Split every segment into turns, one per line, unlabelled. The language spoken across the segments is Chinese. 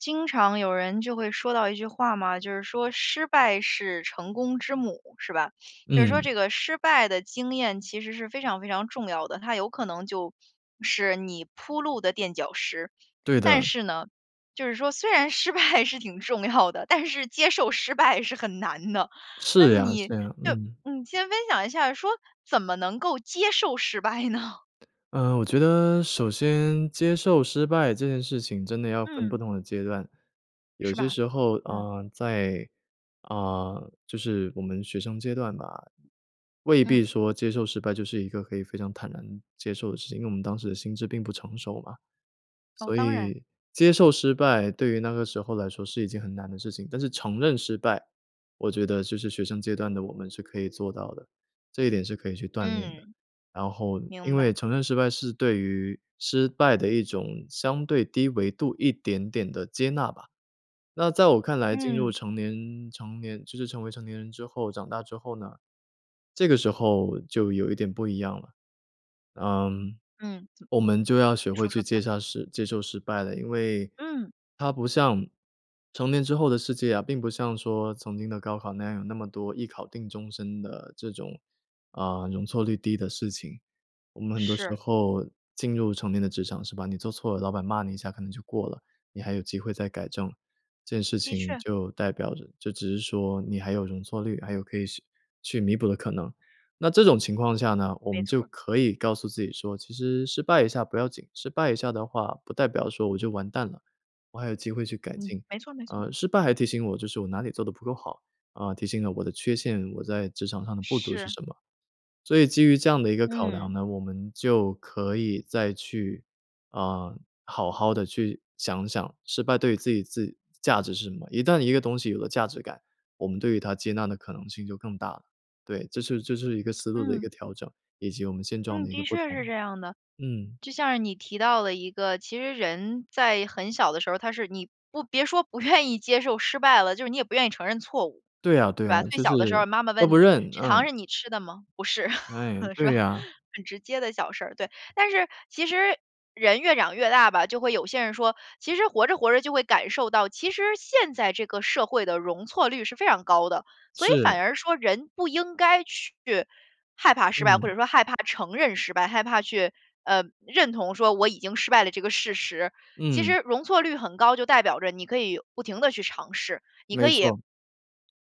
经常有人就会说到一句话嘛，就是说：“失败是成功之母”，是吧？就是说
嗯。
这个失败的经验，其实是非常非常重要的，它有可能就是你铺路的垫脚石。
对
但
的。
是呢，就是说虽然失败是挺重要的，但是接受失败是很难的，那
是呀
你
是呀，
就
嗯。
嗯，先分享一下，说怎么能够接受失败呢？
呃，我觉得首先接受失败这件事情，真的要分
嗯。
不同的阶段。有
是
些
吧？
时候，
嗯。
呃，在呃，就是我们学生阶段嘛，未必
嗯。
说接受失败，就是一个可以非常坦然接受的事情，因为我们当时的心智并不成熟嘛。
哦，
所
当然。
以接受失败，对于那个时候来说是一件很难的事情。但是承认失败，我觉得就是学生阶段的我们，是可以做到的，这一点是可以去锻炼的。
嗯，
然后因
明
为
白。
承认失败，是对于失败的一种，相对低维度一点点地接纳吧。那在我看来，进入
嗯。
成年成年就是成为成年人之后，长大之后呢，这个时候就有一点不一样了。嗯，
嗯，怎
我们就要学会
说
去
说
接
看。
下失接受失败了，因为
嗯。
它不像成年之后的世界啊，并不像说曾经的高考那样，有那么多一考定终身的这种，啊，容错率低的事情。我们很多时
是。
候进入成年的职场是吧，你做错了，老板骂你一下可能就过了，你还有机会再改正。这件事
的
情
确。
就代表着就只是说你还有容错率，还有可以去去弥补的可能。那这种情况下呢，我
没
们就
错儿。
可以告诉自己说：“其实失败一下不要紧，失败一下的话不代表说我就完蛋了，我还有机会去改
嗯，
进。
没错儿没错儿。
呃，失败还提醒我，就是我哪里做得不够好，啊，提醒了我的缺陷，我在职场上的不足是
是。
什么。”所以基于这样的一个考量
嗯。
呢，我们就可以再去啊，好好地去想想，失败对于自己自价值是什么，一旦一个东西有了价值感，我们对于它接纳的可能性就更大了。对，这是这是一个思路的一
嗯。
个调整，以及我们现状
嗯，
的一个
的
不
确是
同，
这样的。
嗯。
就像是你提到了一个，其实人在很小的时候，他是你不别说不愿意接受失败了，就是你也不愿意承认错误，
对啊
是
对啊，
吧？最
就是
小的时候，妈妈
都
问
不
你：
认，
“这
啊。
糖是你吃的吗？”“不是。”
唉，
是
对
吧？
呀。
很直接的小事儿，对。但是其实人越长越大吧，就会有些人说其实活着活着就会感受到，其实现在这个社会的容错率是非常高的，所以
是。
反而说人不应该去害怕失败，或者
嗯。
说害怕承认失败，害怕去，呃，认同说我已经失败了这个事实。其
嗯。
实容错率很高，就代表着你可以不停地去尝试，你可
没
以
错。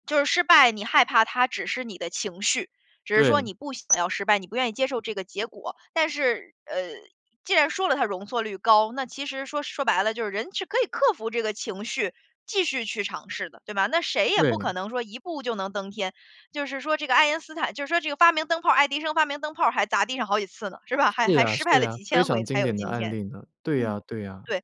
就是失败你害怕它，只是你的情绪，只是说
对。
你不想要失败，你不愿意接受这个结果。但是，呃，既然说了它容错率高。那其实说说白了，就是人是可以克服这个情绪，继续去尝试的，对吧？那谁也不可
对。
能说一步就能登天，就是说这个爱因斯坦就是说这个发明灯泡爱迪生发明灯泡，还砸地上好几次呢，是吧？还
是
还
呀
失败
是
了
呀，
几
非
千
常
回才
经
有
典的
今
案
天。
例呢。对呀
嗯，
对呀，
对。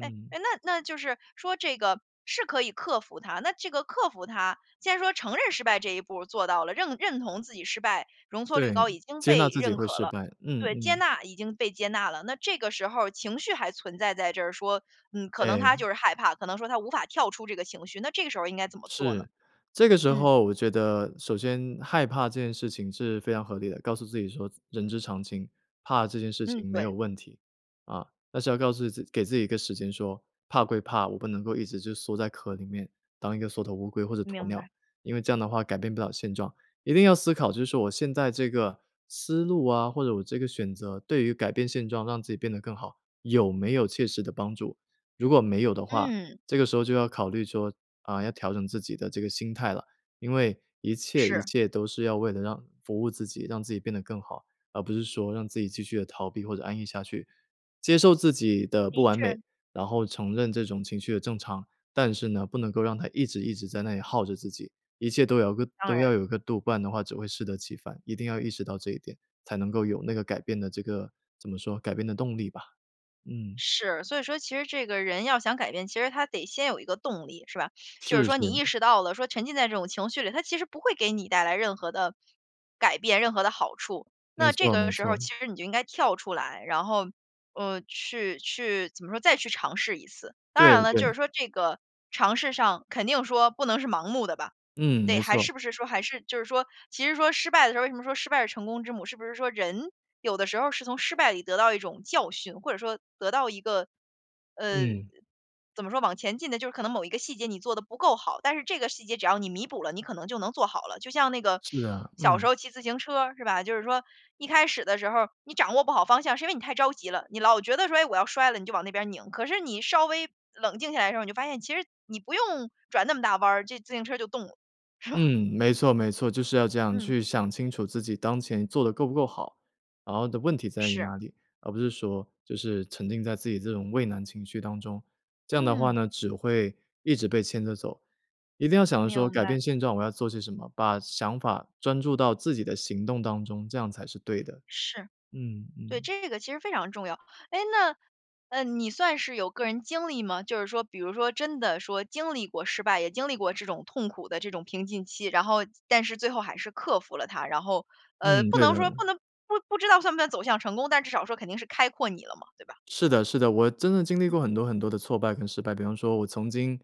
哎哎，那那就是说这个是可以克服它，那这个克服它，既然说承认失败这一步做到了，认认同自己失败，容错率
对，
高，已经
接纳
被
自己
认
会
可
失
了。
败，嗯
对，接
嗯。
纳，已经被接纳了，那这个时候情绪还存在在这儿说，嗯，可能他
诶。
就是害怕，可能说他无法跳出这个情绪，那这个时候应该怎么做呢？
是，这个时
嗯。
候我觉得，首先害怕这件事情是非常合理的。告诉自己说人之常情，怕这件事
嗯，
情没有
对。
问题。啊，但是要告诉自给自己一个时间说，怕归怕，我不能够一直就缩在壳里面，当一个缩头乌龟或者鸵
明
鸟，
白。
因为这样的话改变不了现状。一定要思考，就是我现在这个思路啊，或者我这个选择，对于改变现状让自己变得更好，有没有切实的帮助。如果没有的话，
嗯。
这个时候就要考虑说，啊，要调整自己的这个心态了。因为一切一
是。
切都是要为了让服务自己，让自己变得更好，而不是说让自己继续地逃避或者安逸下去。接受自己的不
的
完美，
确。
然后承认这种情绪的正常，但是呢，不能够让它一直一直在那里耗着自己，一切都要个
当
都
然。
要有个度，不然的话只会适得其反。一定要意识到这一点，才能够有那个改变的这个怎么说，改变的动力吧，嗯。
是，所以说其实这个人要想改变，其实他得先有一个动力，是吧？就是
是
说你
是。
意识到了，说沉浸在这种情绪里，它其实不会给你带来任何的改变、任何的好处。
没
那这
错没
个时候
错。
其实你就应该跳出来，然后，呃，去去怎么说，再去尝试一次。当
对
然了，就
对。
是说这个尝试上，肯定说不能是盲目的吧。
嗯，
对，
没
还
错。
是不是说还是就是说，其实说失败的时候为什么说失败是成功之母，是不是说，人有的时候是从失败里得到一种教训，或者说得到一个，呃，
嗯。
怎么说，往前进的就是可能某一个细节你做得不够好，但是这个细节只要你弥补了，你可能就能做好了。就像那个
是啊，
小时
嗯。
候骑自行车，是吧？就是说，一开始的时候，你掌握不好方向，是因为你太着急了，你老觉得说：“哎，我要摔了。”你就往那边拧。可是你稍微冷静下来的时候，你就发现，其实你不用转那么大弯儿，这自行车就动了，是吧？
嗯，没错没错，就是要这样
嗯。
去想清楚自己当前做得够不够好。然后的问题在于
是。
哪里，而不是说，就是沉浸在自己这种畏难情绪当中。这样的话
嗯。
呢，只会一直被牵着走。一定要想着说
明
改
白。
变现状，我要做些什么，把想法专注到自己的行动当中，这样才是对的，
是。
嗯
对，
嗯。
这个其实非常重要。哎，那，呃，你算是有个人经历吗？就是说比如说真的说经历过失败，也经历过这种痛苦的这种平静期，然后但是最后还是克服了它，然后呃，
嗯，
不
对
能
的。
说不能不不知道算不算走向成功，但至少说肯定是开阔你了嘛，对吧？
是的是的，我真的经历
嗯。
过很多很多的挫败跟失败。比方说我曾经，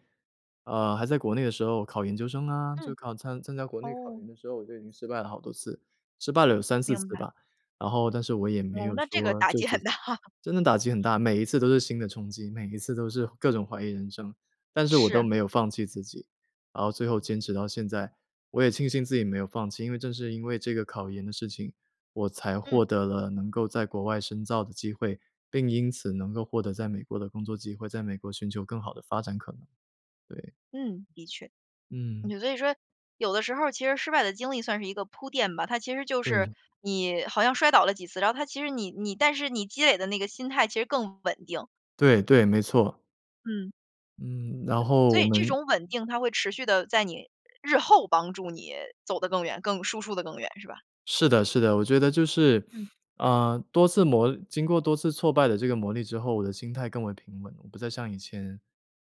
呃，还在国内的时候考研究生啊，就
嗯，
考参参加国内考
哦。
研的时候，我就已经失败了好多次，失败了有3-4
明
次
白。
吧。然后但是我也没
哦，
有
那这个
说
打
就
击
此
很大。
真的打击很大，每一次都是新的冲击，每一次都是各种怀疑人生。但是我都
是。
没有放弃自己，然后最后坚持到现在，我也庆幸自己没有放弃，因为正是因为这个考研的事情，我才
嗯。
获得了能够在国外深造的机会，并因此能够获得在美国的工作机会，在美国寻求更好的发展可能，对。
嗯，的确。
嗯。
就所以说，有的时候其实失败的经历算是一个铺垫吧，它其实就是
对。
你好像摔倒了几次，然后它其实你你但是你积累的那个心态其实更稳定。
对，对，没错。
嗯。
嗯，然
对，
后
所
我
以这
们
种稳定它会持续地在你日后帮助你走得更远，更输出地更远，是吧？
是的是的，我觉得就是，
嗯。
嗯，多次磨经过多次挫败的这个磨砺之后，我的心态更为平稳。我不再像以前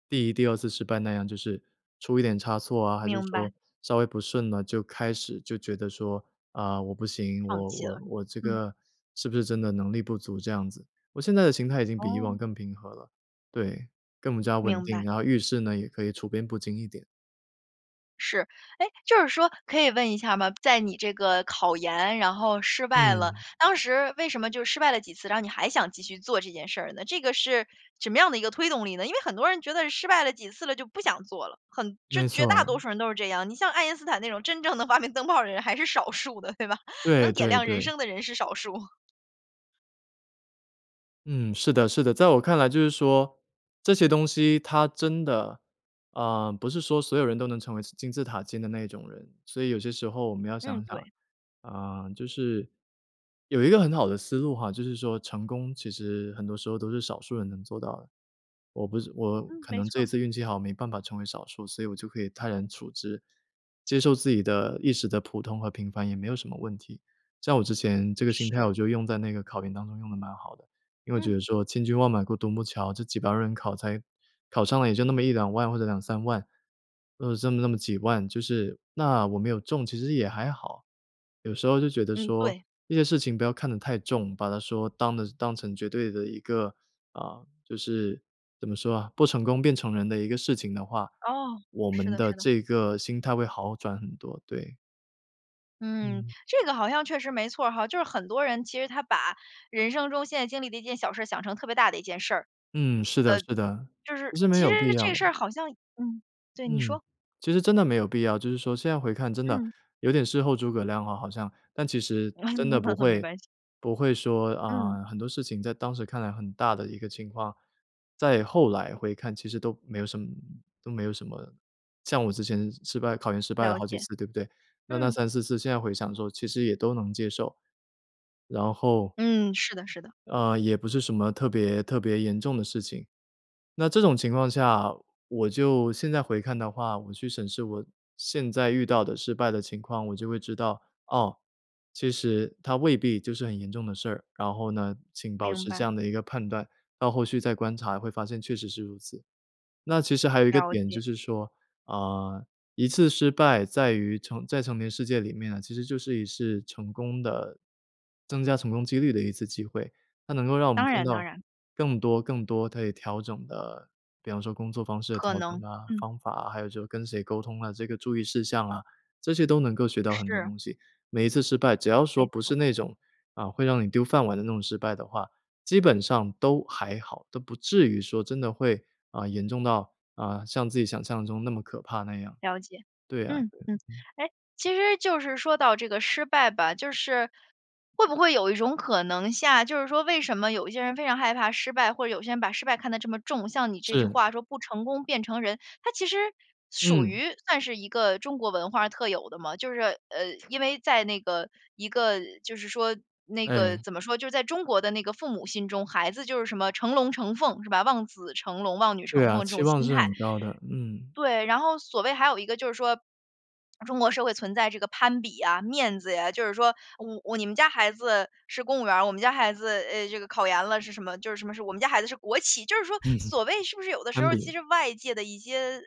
第1、第2次失败那样，就是出一点差错啊，还是
明
说
白。
稍微不顺了，就开始就觉得说：“啊，我不行。
放
我
弃
我
了。
我这
嗯。
个是不是真的能力不足这样子？“我现在的心态已经比以
哦。
往更平和了。对，更加稳
明
定，
白。
然后遇事呢，也可以处变不惊一点。
是。诶，就是说，可以问一下吗？在你这个考研，然后失败了，
嗯。
当时为什么就失败了几次，然后你还想继续做这件事儿呢？这个是什么样的一个推动力呢？因为很多人觉得失败了几次了，就不想做了，很就
没
绝大
错。
多数人都是这样。你像爱因斯坦那种真正的发明灯泡的人还是少数的，对吧，
对
能点
对
亮人
对。
生的人是少数。
嗯，是的是的。在我看来就是说，这些东西它真的嗯，不是说所有人都能成为金字塔尖的那一种人，所以有些时候我们要
嗯，
想想
对。
啊，就是有一个很好的思路哈，就是说成功其实很多时候都是少数人能做到的。我不是我
嗯，
可
没
能
错
这一
儿。
次运气好，没办法成为少数，所以我就可以泰然处之，接受自己的一时的普通和平凡也没有什么问题。像我之前这个心态
是。
我就用在那个考研当中用得蛮好的。因为
嗯。
觉得说千军万马过独木桥。这几百万人考才考上了也就那么1-2万或者2-3万，呃，这么这么几万，就是，那我没有中其实也还好。有时候就觉得
嗯，
说，
对。
这些事情不要看得太重，把它说当的当成绝对的一个，啊，就是，怎么说啊，“不成功，便成仁”的一个事情的话，
哦，
我
是
们
的
的
是的。
这个心态会好转很多，对。
嗯，
嗯。
这个好像确实没错儿哈，就是很多人其实他把人生中现在经历的一件小事儿想成特别大的一件事儿。
嗯，是的
呃
是的，
就是
不是没
其实
有必
这
要。
事儿好像嗯，对，你
嗯。
说。
其实真的没有必要。就是说现在回看真的，
嗯。
有点事后诸葛亮哈好像，但其实，真的不
没
会
关系。
不会说，
嗯。
啊，很多事情在当时看来很大的一个情况，在后来回看其实都没有什么都没有什么。像我之前失败考研失败了
了
好几
解，
次，对不对？那那
嗯。
3、4次现在回想说其实也都能接受。然后
嗯，是的是的。
嗯，也不是什么特别特别严重的事情。那这种情况下，我就现在回看的话，我去审视我现在遇到的失败的情况，我就会知道。哦，其实它未必就是很严重的事儿，然后呢，请保
明
持这
白。
样的一个判断，到后续再观察会发现确实是如此。那其实还有一个
了
点就
解。
是说：“啊，一次失败在于成在成年世界里面呢，其实就是一次成功的增加成功几率的一次机会。”它能够让我们
当
看
然当
到，
然。
更多更多可以调整的比方说工作方式的
可
调整
能，
啊、
嗯。
方法啊，还有就是跟谁沟通啊，这个注意事项啊，这些都能够学到很多
是。
东西。每一次失败，只要说
没
不
错儿。
是那种，啊，会让你丢饭碗的那种失败的话，基本上，都还好，都不至于说真的会，啊，严重到，啊，像自己想象中那么可怕那样。
了解，
对啊
嗯
对啊，
嗯。
嗯。
诶，其实就是说到这个失败吧，就是，会不会有一种可能性就是说为什么有一些人非常害怕失败，或者有些人把失败看得这么重。像你这句
是。
话说：“不成功便成仁。”它其实，属
嗯。
于算是一个中国文化特有的嘛，就是呃，因为在那个一个，就是说那个
哎。
怎么说就是在中国的那个父母心中，孩子就是什么成龙、成凤，是吧？望子成龙、望女
对
成
啊，
凤这
期
种
望
心
是
态
很高的，嗯。
对，然后所谓还有一个就是说，中国社会存在这个攀比呀、面子啊，就是说：“哦，哦，你们家孩子，是公务员儿，我们家孩子，呃，这个考研了是什么就是什么是我们家孩子是国企。“就是说所谓是不是有的 时
攀
候儿其
比。
实外界的一些呃，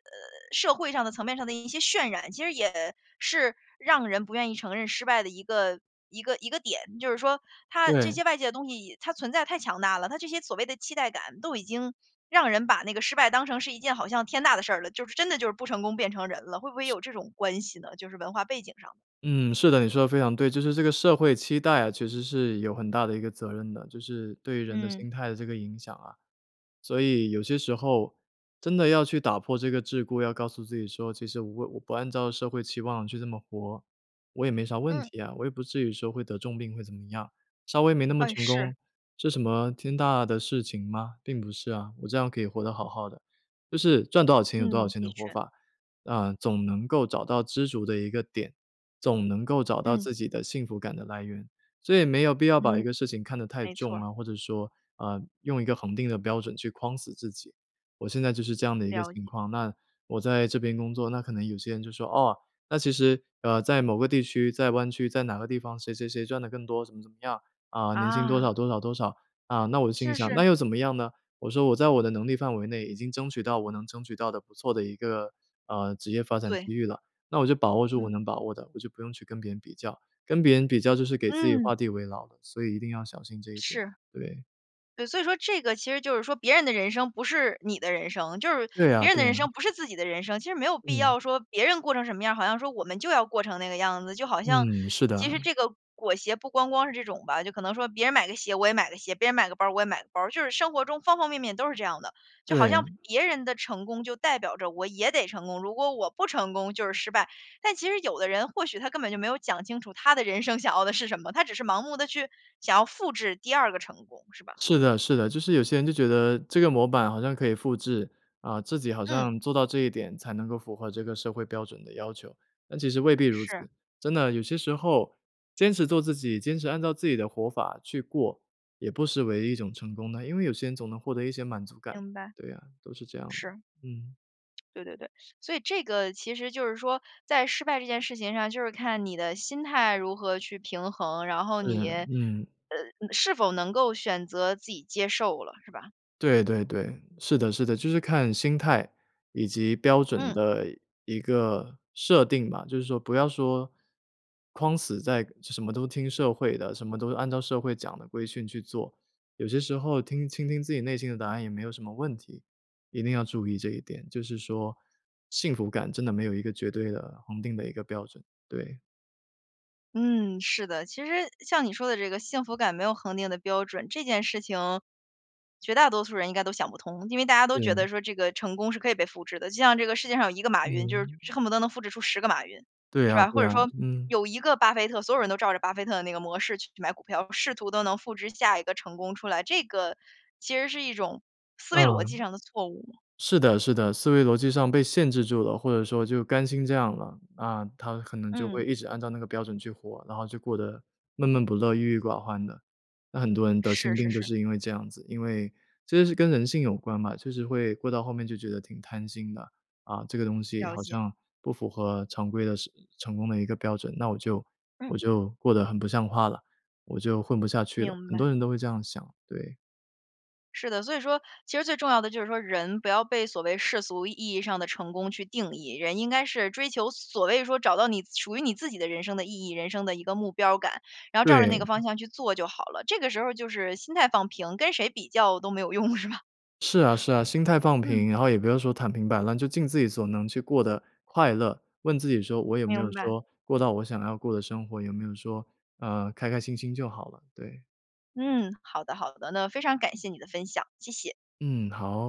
社会上的层面上的一些渲染，其实也，是，让人不愿意承认失败的一个一个一个点。就是说，它这
对。
些外界的东西，它存在太强大了。它这些所谓的期待感，都已经，让人把那个失败当成是一件好像天大的事儿了，就是真的就是不成功便成仁了，会不会有这种关系呢，就是文化背景上。
嗯，是的，你说得非常对。就是这个社会期待啊，其实是有很大的一个责任的，就是对人的
嗯。
心态的这个影响啊。所以，有些时候，真的要去打破这个桎梏，要告诉自己说：“其实我我不按照社会期望去这么活，我也没啥问
嗯。
题呀，我也不至于说会得重病会怎么样，稍微没那么
哎，
成
是。
功，是什么，天大的事情吗？并不是啊，我这样可以活得好好的。”就是，赚多少钱有多少
嗯，
钱
的
的活
确。
法，啊，总能够找到知足的一个点，总能够找到
嗯。
自己的幸福感的来源。所以没有必要把一
嗯，
个事情看得太
没错
重
儿。
啊，或者说，呃用一个恒定的标准去框死自己。我现在就是这样的一个
了
情
解。
况，那，我在这边工作，那可能有些人就说：“哦，那其实，呃，在某个地区、在湾区、在哪个地方，谁谁谁赚得更多怎么怎么样，啊，年薪多少
啊。
多少多少。啊，那我就心里
是
想：“那
是。
又怎么样呢？”我说：“我在我的能力范围内已经争取到我能争取到的不错的一个，呃，职业发展
对。
机遇了。”那我就把握住我
嗯。
能把握的，我就不用去跟别人比较，跟别人比较就是给自己画
嗯。
地为牢的，所以一定要小心这一点，
是。
对。
对，所以说这个其实就是说别人的人生不是你的人生，就是
对啊
别人
对
的人
啊。
生不是自己的人生。其实没有必
嗯。
要说别人过成什么样儿，好像说我们就要过成那个样子。就好像
嗯，是
其
的。
实这个裹胁不光光是这种吧，就可能说别人买个鞋我也买个鞋，别人买个包儿我也买个包儿，就是生活中方方面面都是这样的。就好像
对。
别人的成功就代表着我也得成功，如果我不成功就是失败。但其实有的人或许他根本就没有讲清楚，他的人生想要的是什么，他只是盲目地去，想要复制第2个成功，是吧？
是的是的。就是有些人就觉得，这个模板好像可以复制，啊，自己好
嗯。
像做到这一点，才能够符合这个社会标准的要求。但其实未必如
是。
此，真的，有些时候，坚持做自己，坚持按照自己的活法去过，也不失为一种成功的，因为有些人总能获得一些满足感。
明白，
对啊，都是这样
是。
的，嗯。
对对对，所以这个，其实就是说，在失败这件事情上，就是看你的心态如何去平衡。然后你
是，
呃，
嗯。
是否能够选择自己接受了，是吧？
对对对，是的是的，就是看心态以及标准
嗯。
的一一个设定吧。就是说不要说框死在什么都听社会的，什么都是按照社会讲的规矩去做。有些时候听倾听自己内心的答案也没有什么问题，一定要注意这一点，就是说，幸福感真的没有一个绝对的、恒定的一个标准，对。
嗯，是的。其实像你说的这个“幸福感没有恒定的标准”，这件事情，绝大多数人应该都想不通。因为大家都觉
嗯。
得说，这个成功是可以被复制的。就像这个世界上有1个马云，就是是
嗯。
恨不得能复制出10个马云，
对
是
啊，
吧？
对
或者
啊，
说
嗯。
有1个巴菲特，所有人都照着巴菲特的那个模式去买股票，试图都能复制下一个成功出来。这个，其实是一种思
嗯，
维逻辑上的错误。
是的是的，思维逻辑上被限制住了，或者说就甘心这样了。啊，他可能就会
嗯。
一直按照那个标准去活，然后就过得闷闷不乐、郁郁寡欢的。那很多人得心
是是
病就
是。
是因为这样子。因为其实是跟人性有关嘛，就是会过到后面就觉得挺贪心的。啊，这个东西
了
好
解。
像不符合常规的是成功的一个标准，那我就我
嗯。
就过得很不像话了，我就混不下去了，
明
很
白。
多人都会这样想，对。
是的，所以说其实最重要的就是说，人，不要被所谓世俗意义上的成功去定义。人应该是追求所谓说找到你属于你自己的人生的意义、人生的一个目标感，然后照着那个
对。
方向去做就好了。这个时候儿就是心态放平，跟谁比较都没有用，是吧？
是啊是啊，心态放
嗯。
平，然后也不要说躺平摆烂，就尽自己所能去过得快乐。问自己说：“我有没有
明白。
说，过到我想要过的生活。有没有说，呃，开开心心。”就好了，对。
嗯，好的好的。那非常感谢你的分享，谢谢。
嗯，好。